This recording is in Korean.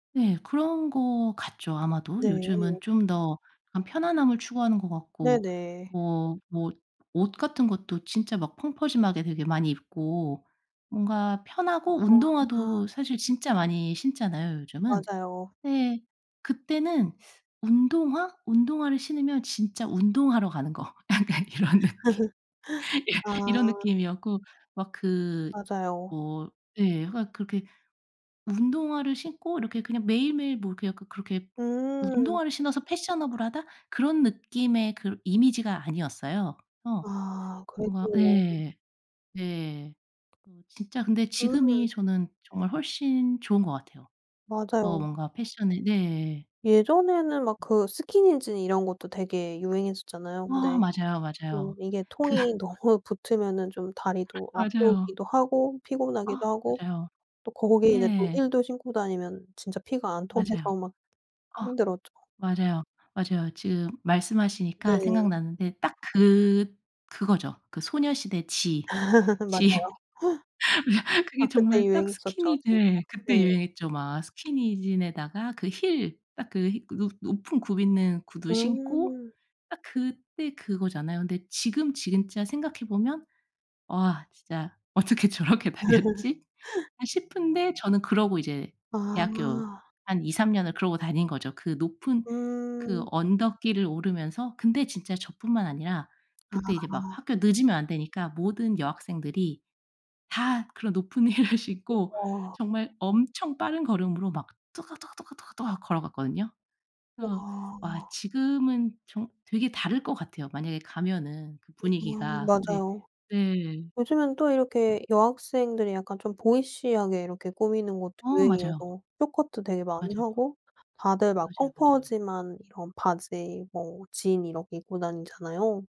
네 그런 것 같죠, 아마도. 네에. 요즘은 좀 더 약간 편안함을 추구하는 것 같고 네네. 뭐, 뭐 옷 같은 것도 진짜 막 펑퍼짐하게 되게 많이 입고 뭔가 편하고 운동화도 사실 진짜 많이 신잖아요, 요즘은. 맞아요. 네. 그때는 운동화, 운동화를 신으면 진짜 운동하러 가는 거. 약간 이런 느낌. 예 이런 아. 느낌이었고 막 그 맞아요. 뭐 예 하여간 그렇게 운동화를 신고 이렇게 그냥 매일매일 뭐 그냥 그 그렇게 음. 운동화를 신어서 패셔너블하다 그런 느낌의 그러 이미지가 아니었어요. 어. 아 뭔가 그랬군요. 네. 네. 어 진짜 근데 음. 지금이 저는 정말 훨씬 좋은 것 같아요. 어 맞아요. 뭔가 패션을 네. 예전에는 막 그 스키니진 이런 것도 되게 유행했었잖아요. 어 근데 맞아요, 좀 맞아요. 이게 그 통이 너무 붙으면은 좀 다리도 맞아요. 아프기도 하고 아 피곤하기도 하고 맞아요. 또 거기에 이제 또 네. 힐도 신고 다니면 진짜 피가 안 맞아요. 통해서 막 아 힘들었죠. 맞아요. 맞아요. 지금 말씀하시니까 네. 생각나는데 딱 그 그거죠. 그 소녀시대 Gee, Gee 맞아요. 아 그게 그때 정말 딱 유행했었죠, 스키니 진짜. 네 그때 네. 유행했죠. 막 스키니진에다가 그 힐 딱 그 히 높 높은 굽 있는 구두 신고 음. 딱 그때 그거잖아요. 근데 지금 진짜 생각해 보면 '와 진짜 어떻게 저렇게 다녔지.' 아 싶은데 저는 그러고 이제 대학교 아. 한 2-3 년을 그러고 다닌 거죠, 그 높은 그 음. 언덕길을 오르면서. 근데 진짜 저뿐만 아니라 그때 이제 막 아. 학교 늦으면 안 되니까 모든 여학생들이 다 그런 높은 힐을 신고 그쵸. 정말 엄청 빠른 걸음으로 막 또각또각 또각또각 또각 걸어갔거든요. 와 어 아. 와 지금은 정 되게 다를 것 같아요, 만약에 가면은 그 아 분위기가. 네, 맞아요. 네. 요즘엔 또 이렇게 여학생들이 약간 좀 보이시하게 이렇게 꾸미는 것도 어 맞아요. 유행이어서 쇼트 커트 도 되게 많이 맞아요. 하고 다들 막 맞아요, 맞아요. 펑퍼짐한 이런 바지 뭐 진 이렇게 입고 다니잖아요.